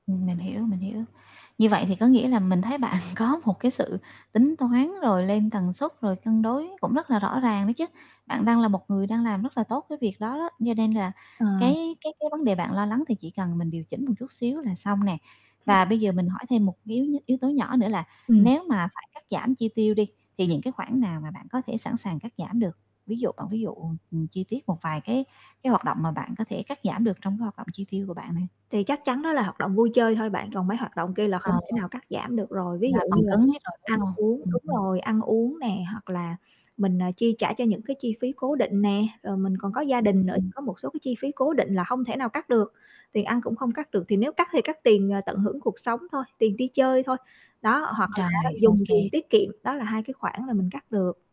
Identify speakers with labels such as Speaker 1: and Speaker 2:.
Speaker 1: Ừm, mình hiểu, mình hiểu. Như vậy thì có nghĩa là mình thấy bạn có một cái sự tính toán, rồi lên tần suất, rồi cân đối cũng rất là rõ ràng đó chứ. Bạn đang là một người đang làm rất là tốt cái việc đó đó, như nên là
Speaker 2: Ờ.
Speaker 1: cái cái cái vấn đề bạn lo lắng thì chỉ cần mình điều chỉnh một chút xíu là xong nè.
Speaker 2: Vậy
Speaker 1: Và bây giờ
Speaker 2: hả?
Speaker 1: mình hỏi thêm một yếu yếu tố nhỏ nữa là
Speaker 2: Ừm.
Speaker 1: nếu mà phải cắt giảm chi tiêu đi thì những cái khoản nào mà bạn có thể sẵn sàng cắt giảm được? Ví dụ bạn ví dụ, ừm, chi tiết một vài cái cái hoạt động mà bạn có thể cắt giảm được trong cái hoạt động chi tiêu của bạn này.
Speaker 2: Thì chắc chắn đó là hoạt động vui chơi thôi bạn, còn mấy hoạt động kia là không
Speaker 1: Ờ.
Speaker 2: thể nào cắt giảm được rồi, ví
Speaker 1: Mà
Speaker 2: dụ như
Speaker 1: phần
Speaker 2: là
Speaker 1: cứng hết rồi, đúng
Speaker 2: ăn
Speaker 1: không?
Speaker 2: uống.
Speaker 1: Ừm,
Speaker 2: Đúng
Speaker 1: ừm.
Speaker 2: rồi, ăn uống nè hoặc là mình, ờ, chi trả cho những cái chi phí cố định nè, rồi mình còn có gia đình nữa thì
Speaker 1: Ừm.
Speaker 2: có một số cái chi phí cố định là hông thể nào cắt được, tiền ăn cũng không cắt được, thì nếu cắt thì cắt tiền, ờ, tận hưởng cuộc sống thôi, tiền đi chơi thôi. Đó, hoặc là á,
Speaker 1: Rồi, ô
Speaker 2: dùng tiền
Speaker 1: kê.
Speaker 2: tiết kiệm, đó là 2 cái khoản là mình cắt được.